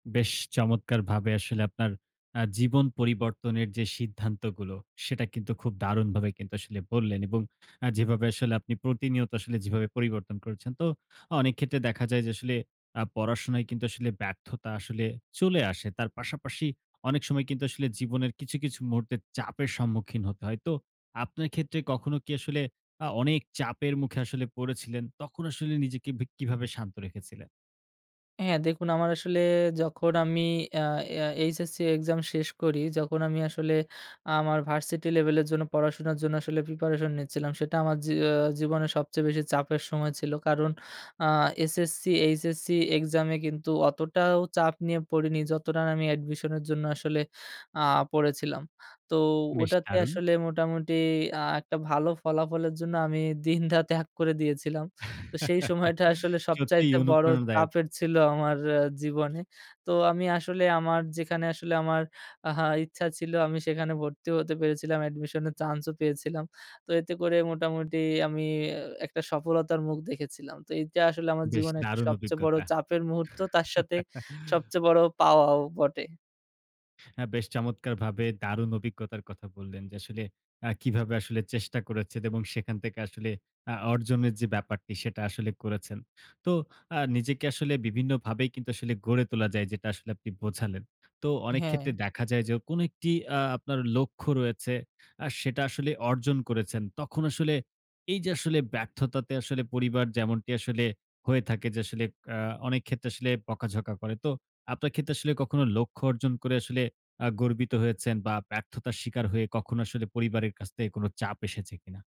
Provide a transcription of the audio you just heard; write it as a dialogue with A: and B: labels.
A: বেশ চমৎকারভাবে আসলে আপনার আ জীবন পরিবর্তনের যে, সিদ্ধান্তগুলো, সেটা কিন্তু খুব দারুণভাবে কিন্তু আসলে বললেন এবং আ যেভাবে আসলে আপনি প্রতিনিয়ত আসলে যেভাবে পরিবর্তন করেছেন। তো অনেক ক্ষেত্রে দেখা যায় যে, আসলে আ পড়াশোনায় কিন্তু আসলে ব্যর্থতা আসলে চলে আসে। তার পাশাপাশি অনেক সময় কিন্তু আসলে জীবনের কিছু, কিছু মুহূর্তে চাপের সম্মুখীন হতে হয়। তো আপনার ক্ষেত্রে কখনো কি আসলে আ অনেক চাপের মুখে আসলে পড়েছিলেন, তখন আসলে নিজেকে বি কিভাবে শান্ত রেখেছিলেন?
B: হ্যাঁ, দেখুন আমার আসলে যখন আমি আ আ এইচএসসি এক্সাম শেষ করি। যখন আমি আসলে আমার ভার্সিটি লেভেলের জন্য পড়াশোনার জন্য আসলে প্রিপারেশন নিচ্ছিলাম। সেটা আমার জী জীবনে সবচেয়ে বেশি চাপের সময় ছিল। কারণ আ এসএসসি, এইচএসসি এক্সামে কিন্তু অতটাও চাপ নিয়ে পড়িনি যতটা না আমি অ্যাডমিশনের জন্য আসলে আ পড়েছিলাম। তো
A: বেশ
B: ওটাতে
A: দারুণ।
B: আসলে মোটামুটি আ একটা ভালো ফলাফলের জন্য আমি দিন রাত এক করে দিয়েছিলাম। তো সেই সময়টা আসলে
A: সত্যিই
B: সবচাইতে বড়ো
A: অনুপ্রেরণাদায়ক।
B: চাপের ছিল আমার জীবনে। তো আমি আসলে আমার যেখানে আসলে আমার আহা ইচ্ছা ছিল আমি সেখানে ভর্তি হতে পেরেছিলাম। অ্যাডমিশনের চান্সও পেয়েছিলাম। তো এতে করে মোটামুটি আমি একটা সফলতার মুখ দেখেছিলাম। তো এইটা আসলে আমার
A: বেশ
B: জীবনে একটা
A: দারুণ
B: সবচেয়ে বড়ো
A: অভিজ্ঞতা।
B: চাপের মুহূর্ত তার সাথে সবচেয়ে বড়ো পাওয়াও বটে।
A: হ্যাঁ। বেশ চমৎকারভাবে দারুণ অভিজ্ঞতার কথা বললেন। যে, আসলে আ কিভাবে আসলে চেষ্টা করেছেন এবং সেখান থেকে আসলে আ অর্জনের যে, ব্যাপারটি সেটা আসলে করেছেন। তো আ নিজেকে আসলে বিভিন্নভাবে কিন্তু আসলে গড়ে তোলা যায় যেটা আসলে আপনি বোঝালেন। তো অনেক
B: হ্যাঁ।
A: ক্ষেত্রে দেখা যায় যে, কোন একটি আ আপনার লক্ষ্য রয়েছে আ সেটা আসলে অর্জন করেছেন। তখন আসলে এই যে, আসলে ব্যর্থতাতে আসলে পরিবার যেমনটি আসলে হয়ে থাকে যে, আসলে আ অনেক ক্ষেত্রে আসলে বকাঝকা করে। তো আপনার ক্ষেত্রে আসলে কখনো লক্ষ্য অর্জন করে আসলে আ গর্বিত হয়েছেন বা ব্যর্থতার শিকার হয়ে কখনো আসলে পরিবারের কাছ থেকে কোন চাপ এসেছে কিনা?